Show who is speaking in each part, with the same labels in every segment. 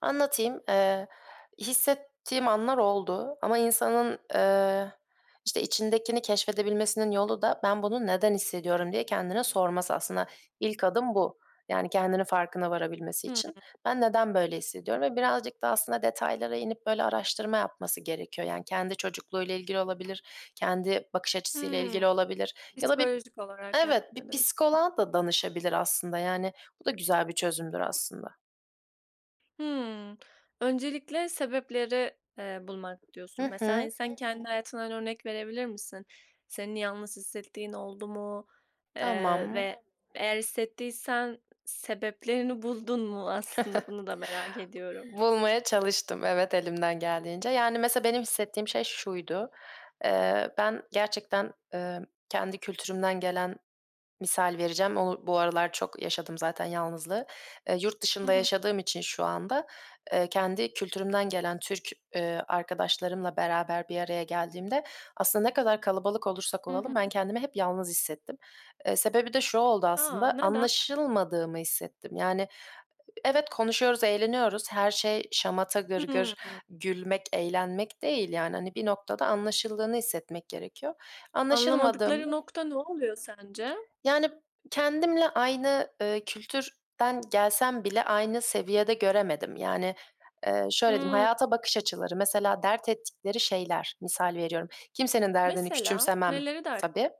Speaker 1: Anlatayım, eee, hissettiğim anlar oldu ama insanın, eee, işte, içindekini keşfedebilmesinin yolu da, "Ben bunu neden hissediyorum?" diye kendine sorması. Aslında ilk adım bu, yani, kendinin farkına varabilmesi
Speaker 2: Hımm.
Speaker 1: için. Ben neden böyle hissediyorum ve birazcık da aslında detaylara inip böyle araştırma yapması gerekiyor. Yani, kendi çocukluğuyla ilgili olabilir, kendi bakış açısıyla
Speaker 2: Hımm.
Speaker 1: ilgili olabilir ya da bir,
Speaker 2: Psikolojik olarak,
Speaker 1: evet, bir
Speaker 2: yani, diyorsun.
Speaker 1: psikoloğa da danışabilir aslında, yani bu da güzel bir çözümdür aslında.
Speaker 2: Hımm. Öncelikle, eee, sebepleri bulmak
Speaker 1: Hı
Speaker 2: diyorsun. Mesela, hani,
Speaker 1: hı.
Speaker 2: sen kendi hayatından örnek verebilir misin? Senin yalnız hissettiğin oldu mu? Eee,
Speaker 1: Tamam.
Speaker 2: ve eğer hissettiysen sebeplerini buldun mu? Aslında bunu da merak ediyorum.
Speaker 1: Bulmaya çalıştım, evet, elimden geldiğince. Yani, mesela, benim hissettiğim şey şuydu. Eee, ben gerçekten, eee, kendi kültürümden gelen, misal vereceğim, o bu aralar çok yaşadım zaten yalnızlığı. Eee, yurt
Speaker 2: Hı
Speaker 1: dışında
Speaker 2: hı.
Speaker 1: yaşadığım için şu anda, eee, kendi kültürümden gelen Türk, eee, arkadaşlarımla beraber bir araya geldiğimde aslında ne kadar kalabalık olursak
Speaker 2: Hı hı.
Speaker 1: olalım, ben kendimi hep yalnız hissettim. Eee, sebebi de şu oldu
Speaker 2: A,
Speaker 1: aslında,
Speaker 2: neden?
Speaker 1: anlaşılmadığımı hissettim, yani. Evet, konuşuyoruz, eğleniyoruz. Her şey şamata, gırgır,
Speaker 2: Hımm.
Speaker 1: gülmek, eğlenmek değil, yani. Hani, bir noktada anlaşıldığını hissetmek gerekiyor.
Speaker 2: Anlamadıkları
Speaker 1: Anlaşılmadığımda
Speaker 2: nokta ne oluyor sence?
Speaker 1: Yani, kendimle aynı, eee, kültürden gelsem bile aynı seviyede göremedim. Yani, eee, şöyle diyeyim:
Speaker 2: Hımm.
Speaker 1: Hayata bakış açıları, mesela, dert ettikleri şeyler, misal veriyorum. Kimsenin derdini
Speaker 2: Mesela,
Speaker 1: küçümsemem
Speaker 2: neleri de
Speaker 1: tabii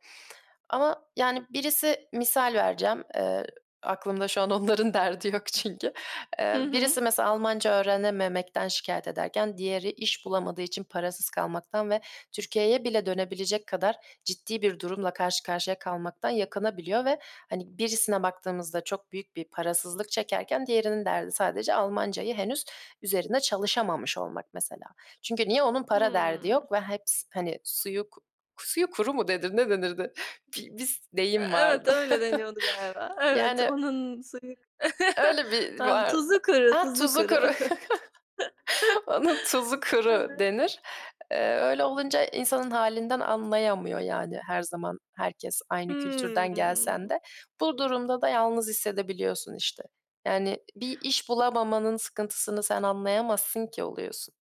Speaker 1: ama, yani, birisi, misal vereceğim, eee aklımda şu an onların derdi yok çünkü. Eee,
Speaker 2: Hı hı.
Speaker 1: birisi mesela, Almanca öğrenememekten şikâyet ederken, diğeri iş bulamadığı için parasız kalmaktan ve Türkiye'ye bile dönebilecek kadar ciddi bir durumla karşı karşıya kalmaktan yakınabiliyor ve, hani, birisine baktığımızda çok büyük bir parasızlık çekerken, diğerinin derdi sadece Almancayı henüz üzerine çalışamamış olmak, mesela. Çünkü niye? Onun para derdi
Speaker 2: Hımm.
Speaker 1: yok ve hepsi, hani, suyu, k suyu kuru mu denir, ne denirdi? Bir bir
Speaker 2: E,
Speaker 1: deyim
Speaker 2: evet
Speaker 1: vardı
Speaker 2: öyle deniyordu galiba. Evet,
Speaker 1: yani,
Speaker 2: onun suyu
Speaker 1: öyle bir var.
Speaker 2: tuzu kuru,
Speaker 1: A,
Speaker 2: tuzu
Speaker 1: tuzu kuru
Speaker 2: kuru.
Speaker 1: onun tuzu kuru denir. Eee, öyle olunca insanın halinden anlayamıyor. Yani, her zaman herkes aynı kültürden gelsen
Speaker 2: Hımm.
Speaker 1: de. Bu durumda da yalnız hissedebiliyorsun, işte. Yani, "Bir iş bulamamanın sıkıntısını sen anlayamazsın ki." oluyorsun.